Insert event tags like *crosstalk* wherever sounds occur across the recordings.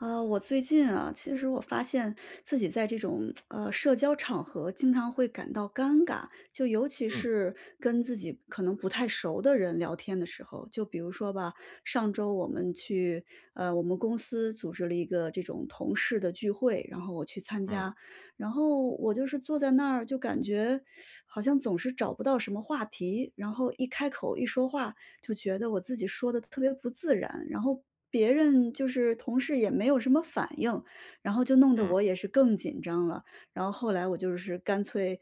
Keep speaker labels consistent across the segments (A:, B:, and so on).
A: 呃，我最近啊，其实我发现自己在这种，*tsk* 呃，社交场合经常会感到尴尬，就尤其
B: 嗯。
A: 是跟自己可能不太熟的人聊天的时候。就比如说吧，上周我们去呃，我们公司组织了一个这种同事的聚会，然后我去参
B: 嗯。
A: 加。然后我就是坐在那儿，就感觉 *sucks teeth* 好像总是找不到什么话题。然后一开口、一说话就觉得我自己说得特别不自然，然后别人就是同事也没有什么反应，然后就弄得
B: 嗯。
A: 我也是更紧张了。然后后来，我就是干脆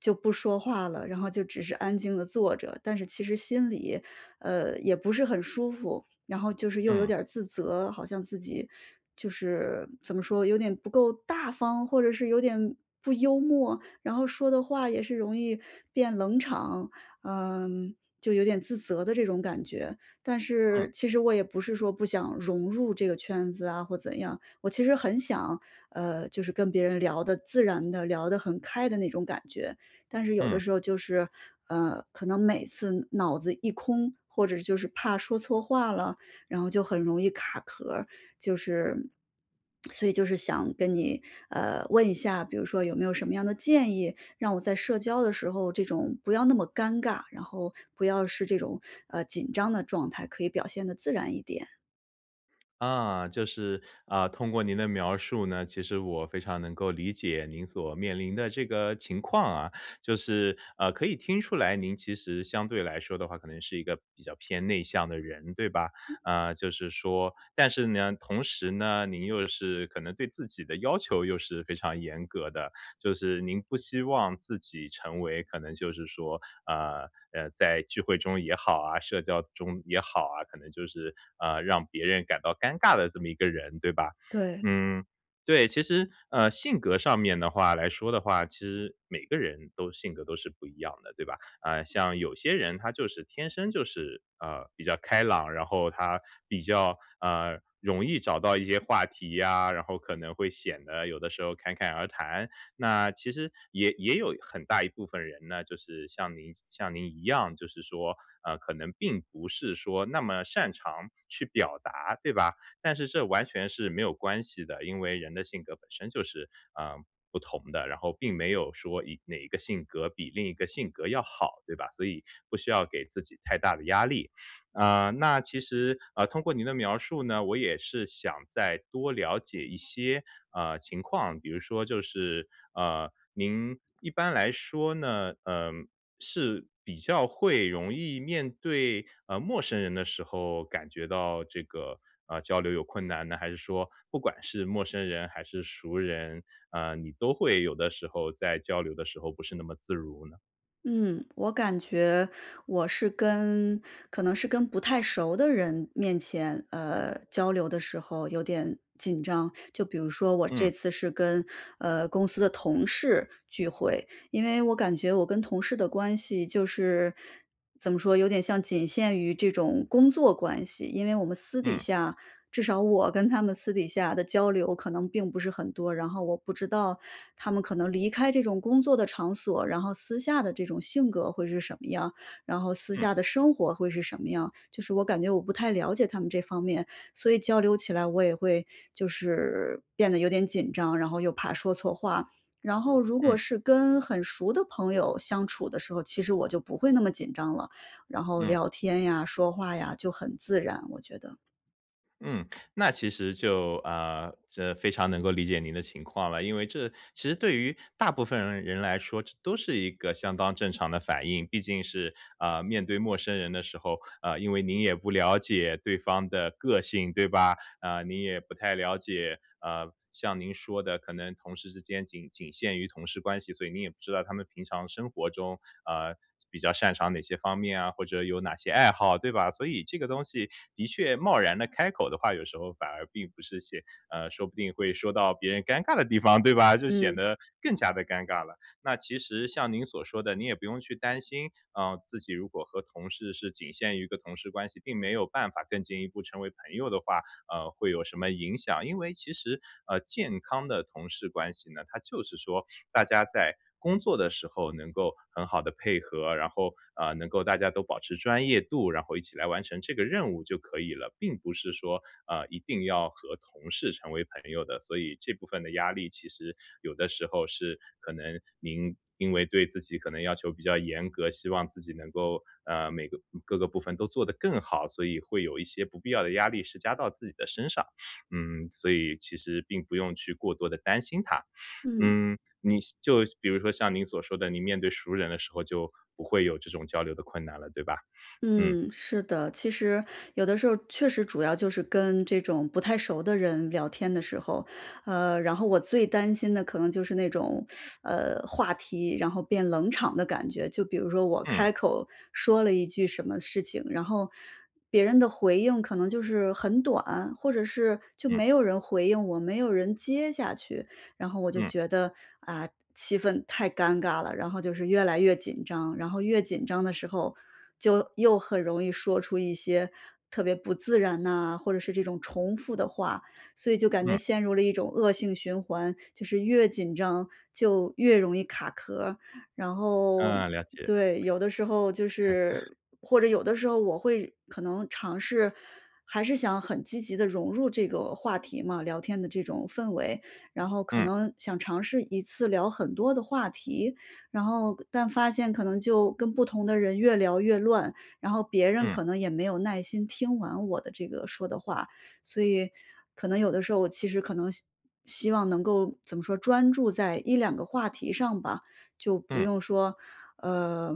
A: 就不说话了，然后就只是安静地坐着。但是其实心里，呃，也不是很舒服，然后就是又有
B: 嗯。
A: 点儿自责，好像自己就是怎么说？有点不够大方？或者是有点不幽默？然后说的话也是容易变冷场，嗯，就有点自责的这种感觉。但
B: 嗯。
A: 是其实我也不是说不想融入这个圈子啊或怎样。我其实很想，呃，就是跟别人聊得自然地聊得很开的那种感觉，但是有的
B: 嗯。
A: 时候就是，呃，可能每次脑子一空，或者就是怕说错话了？然后就很容易卡壳儿。就是所以就是想跟你，呃，问一下，比如说有没有什么样的建议，让我在社交的时候这种不要那么尴尬，然后不要是这种，呃，紧张的状态，可以表现得自然一点？
B: 啊，就是，啊，通过您的描述呢，其实我非常能够理解您所面临的这个情况啊。就是，呃，可以听出来您其实相对来说的话可能是一个比较偏内向的人，对吧？啊，就是说但是呢，同时呢，您又是可能对自己的要求又是非常严格的。就是您不希望自己成为可能就是说，呃，呃，在聚会中也好啊，社交中也好啊，可能就是，呃，让别人感到尴尬的这么一个人，对吧？
A: 对。
B: 嗯，对，其实，呃，性格上面的话来说的话，其实每个人都性格都是不一样的，对吧？呃，像有些人他就是天生就是，呃，比较开朗，然后他比较，呃，容易找到一些话题呀，然后可能会显得有的时候侃侃而谈。那其实也也有很大一部分人呢，就是像您像您一样，就是说，呃，可能并不是说那么擅长去表达，对吧？但是这完全是没有关系的，因为人的性格本身就是，呃，不同的。然后并没有说一哪一个性格比另一个性格要好，对吧？所以不需要给自己太大的压力。呃，那其实，呃，通过您的描述呢，我也是想再多了解一些，呃，情况，比如说就是，呃，您一般来说呢，呃，是比较会容易面对，呃，陌生人的时候，感觉到这个，呃，交流有困难呢？还是说不管是陌生人还是熟人，呃，你都会有的时候在交流的时候不是那么自如呢？
A: 嗯，我感觉我是跟可能是跟不太熟的人面前，呃，交流的时候有点紧张，就比如说我
B: 嗯。
A: 这次是跟，呃，公司的同事聚会。因为我感觉我跟同事的关系就是，怎么说？有点像仅限于这种工作关系，因为我们私底
B: 嗯。
A: 下至少我跟他们私底下的交流可能并不是很多。然后我不知道他们可能离开这种工作的场所，然后私下的这种性格会是什么样？然后私
B: 嗯。
A: 下的生活会是什么样？就是我感觉我不太了解他们这方面，所以交流起来我也会就是变得有点紧张，然后又怕说错话。然后如果
B: 嗯。
A: 是跟很熟的朋友相处的时候，其实我就不会那么紧张了。然后
B: 嗯。
A: 聊天呀、说话呀，就很自然我觉得。
B: 嗯，那其实就，呃，这非常能够理解您的情况了。因为这其实对于大部分人人来说，这都是一个相当正常的反应。毕竟是，呃，面对陌生人的时候，呃，因为您也不了解对方的个性，对吧？啊，你也不太了解，呃，像您说的可能同事之间仅仅限于同事关系，所以你也不知道他们平常生活中，呃，比较擅长哪些方面啊，或者有哪些爱好，对吧？所以这个东西，的确贸然地开口的话，有时候反而并不是写呃，说不定会说到别人尴尬的地方，对吧？就显
A: 嗯。
B: 得更加地尴尬了。那其实像您所说的，你也不用去担心，啊，自己如果和同事是仅限于一个同事关系，并没有办法更进一步成为朋友的话，呃，会有什么影响。因为其实，呃，健康的同事关系呢，它就是说大家在工作的时候能够很好地配合，然后，呃，能够大家都保持专业度，然后一起来完成这个任务就可以了。并不是说，啊，一定要和同事成为朋友的，所以这部分的压力其实有的时候是可能您因为对自己可能要求比较严格，希望自己能够，呃，每个嗯，各个部分都做得更好。所以会有一些不必要的压力是加到自己的身上，嗯，所以其实并不用去过多地担心它。
A: 嗯。
B: 嗯，你就比如说像您所说的，你面对熟人的时候，就不会有这种交流的困难了，对吧？*sniffs* 嗯。
A: 嗯，是的。其实有的时候，确实主要就是跟这种不太熟的人聊天的时候，呃，然后我最担心的可能就是那种，*sucks teeth* 呃，话题然后变冷场的感觉。就比如说我
B: 嗯。
A: 开口说了一句什么事情，然后别人的回应可能就是很短，或者是就
B: 嗯。
A: 没有人回应我，没有人接下去。然后我就
B: 嗯。
A: 觉得，啊，气氛太尴尬了，然后就是越来越紧张。然后越紧张的时候就又很容易说出一些特别不自然啊，或者是这种重复的话。所以就感觉
B: 嗯。
A: 陷入了一种恶性循环，就是越紧张就越容易卡壳儿。然后，
B: 嗯，了解。
A: 对，有的时候就
B: *chuckles*
A: 是或者有的时候，我会可能尝试还是想很积极地融入这个话题嘛，聊天的这种氛围。然后可
B: 嗯。
A: 能想尝试一次聊很多的话题，然后但发现可能就跟不同的人越聊越乱，然后别人
B: 嗯。
A: 可能也没有耐心听完我的这个说的话。所以可能有的时候，我其实可能希希望能够怎么说？专注在1-2个话题上吧，就不
B: 嗯。
A: 用说，呃，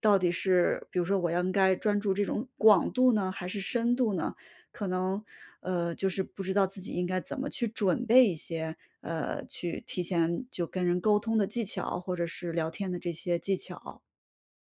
A: 到底是比如说我要应该专注这种广度呢还是深度呢？可能，呃，就是不知道自己应该怎么去准备一些，呃，去提前就跟人沟通的技巧，或者是聊天的这些技巧。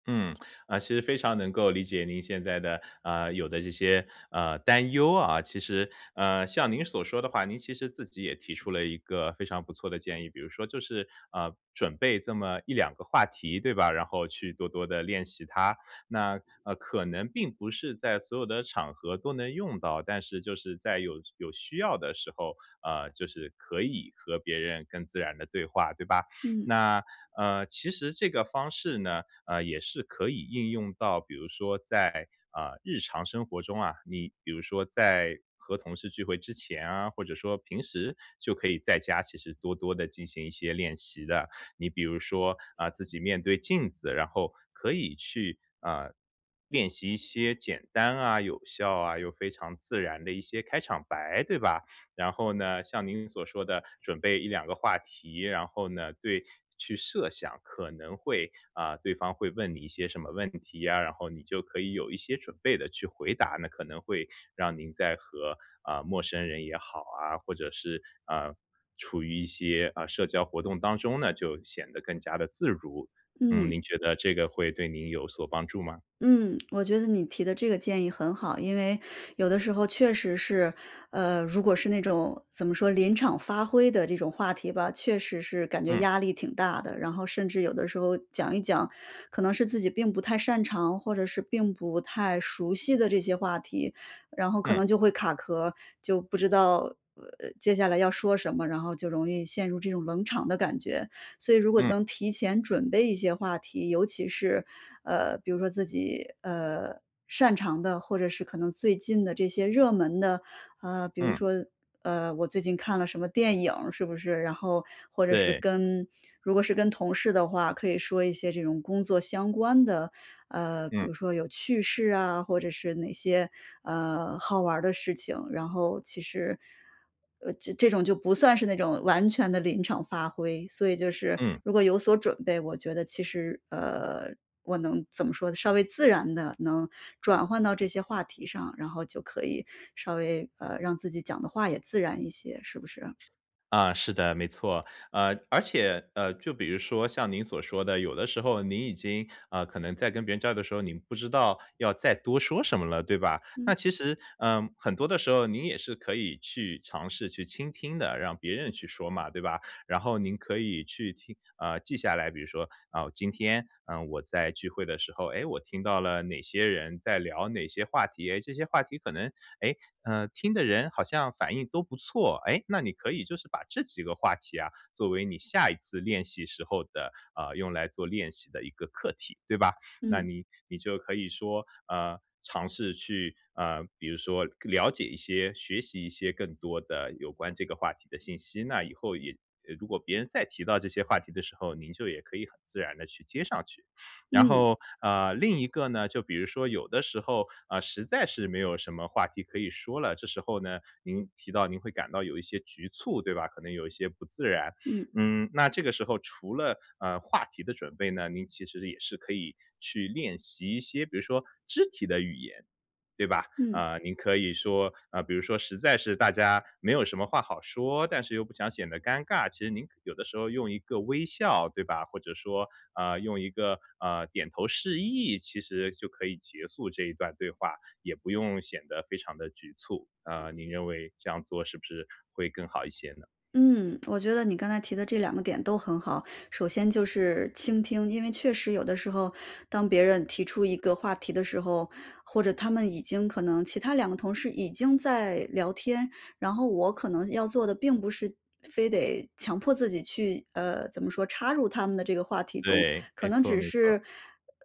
B: 嗯，啊，其实非常能够理解您现在的，呃，有的这些，呃，担忧啊。其实，呃，像您所说的话，您其实自己也提出了一个非常不错的建议。比如说就是，呃，准备这么1-2个话题，对吧？然后去多多地练习它。那呃，可能并不是在所有的场合都能用到，但是就是在有有需要的时候，呃，就是可以和别人更自然地对话，对吧？
A: 嗯。
B: 那呃，其实这个方式呢，呃，也是可以应用到，比如说在，呃，日常生活中啊，你比如说在和同事聚会之前啊，或者说平时就可以在家其实多多地进行一些练习的。你比如说啊，自己面对镜子，然后可以去，啊，练习一些简单啊，有效啊，又非常自然的一些开场白，对吧？然后呢，像您所说的准备1-2个话题，然后呢，对，去设想可能会啊，对方会问你一些什么问题呀。然后你就可以有一些准备地去回答，那可能会让您在和，啊，陌生人也好啊，或者是，呃，处于一些，呃，社交活动当中呢，就显得更加得自如。嗯，
A: 嗯。
B: 您觉得这个会对您有所帮助吗？
A: 嗯，我觉得你提的这个建议很好。因为有的时候确实是，呃，如果是那种怎么说临场发挥的这种话题吧，确实是感觉
B: 嗯。
A: 压力挺大的。然后甚至有的时候讲一讲，可能是自己并不太擅长，或者是并不太熟悉的这些话题，然后可
B: 嗯。
A: 能就会卡壳，就不知道接下来要说什么，然后就容易陷入这种冷场的感觉。所以如果
B: 嗯。
A: 能提前准备一些话题，尤其是，呃，比如说自己，呃，擅长的，或者是可能最近的这些热门的，啊。比如
B: 嗯。
A: 说，呃，我最近看了什么电影是不是？然后或者是
B: 对。
A: 跟如果是跟同事的话，可以说一些这种工作相关的，呃，比
B: 嗯。
A: 如说有趣事啊，或者是哪些，呃，好玩儿的事情。然后其实，呃，这种就不算是那种完全地临场发挥。所以就是
B: 嗯。
A: 如果有所准备，我觉得其实，呃，我能怎么说呢，稍微自然地能转换到这些话题上，然后就可以稍微，呃，让自己讲的话也自然一些，是不是？
B: 啊，是的，没错。呃，而且，呃，就比如说像您所说的，有的时候您已经，呃，可能在跟别人交流的时候，您不知道要再多说什么了，对吧？那
A: 嗯。
B: 其实，呃，很多的时候您也是可以去尝试去倾听的，让别人去说嘛，对吧？然后您可以去听呃，记下来，比如说，啊，今天我在聚会的时候，诶，我听到了哪些人在聊哪些话题。诶，这些话题可能，诶，呃，听的人好像反应都不错。诶，那你可以就是把这几个话题啊，作为你下一次练习时候的，呃，用来做练习的一个课题，对吧？那
A: 嗯。
B: 你你就可以说，呃，尝试去，呃，比如说了解一些，学习一些更多的有关这个话题的信息。那以后也呃，如果别人再提到这些话题的时候，您就也可以很自然地去接上去。然
A: 嗯。
B: 后，啊，另一个呢，就比如说有的时候，啊，实在是没有什么话题可以说了，这时候呢，您提到您会感到有一些局促，对吧？可能有一些不自然。
A: 嗯。
B: 嗯，那这个时候除了，呃，话题的准备呢，您其实也是可以去练习一些，比如说肢体的语言，对吧？
A: 嗯。
B: 啊，您可以说啊，比如说实在是大家没有什么话好说，但是又不想显得尴尬。其实您有的时候用一个微笑对吧？或者说，啊，用一个，呃，点头示意，其实就可以结束这一段对话，也不用显得非常的局促。啊，您认为这样做是不是会更好一些呢？
A: 嗯，我觉得你刚才提的这两个点都很好，首先就是倾听。因为确实有的时候，当别人提出一个话题的时候，或者他们已经可能其他两个同事已经在聊天，然后我可能要做的并不是非得强迫自己去呃，怎么说插入他们的这个话题中。
B: 对，
A: 可
B: 没
A: 能
B: 错
A: 只
B: 没错。
A: 是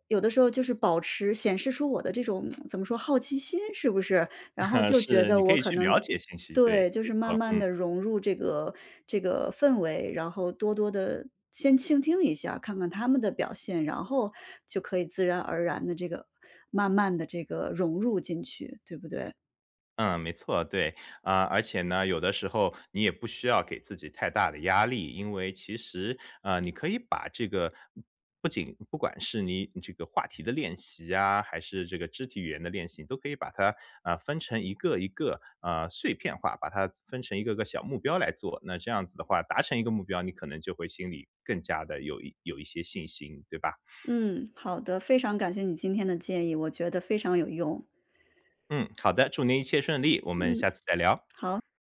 A: 有的时候就是保持显示出我的这种 *tsk* 怎么说好奇心是不是？然后
B: *chuckles*
A: 就觉
B: 是，你
A: 得
B: 可
A: 我
B: 以
A: 可
B: 去
A: 能
B: 了解信息。
A: 对，
B: 对，
A: 就
B: 没
A: 是慢
B: 错，
A: 慢
B: 嗯。
A: 地融入这个这个氛围。然后多多地先倾听一下，看看他们的表现，然后就可以自然而然地这个慢慢地这个，融入进去，对不对？
B: 嗯，没错，对。啊，而且呢，有的时候你也不需要给自己太大的压力，因为其实，呃，你可以把这个不仅不管是你这个话题的练习啊，还是这个肢体语言的练习，都可以把它，啊，分成一个一个，啊，碎片化。把它分成一个个小目标来做，那这样子的话，达成一个目标，你可能就会心里更加地有一有一些信心，对吧？
A: 嗯，好的，非常感谢你今天的建议，我觉得非常有用。
B: 嗯，好的，祝您一切顺利，我们
A: 嗯，
B: 下次再聊。
A: 好。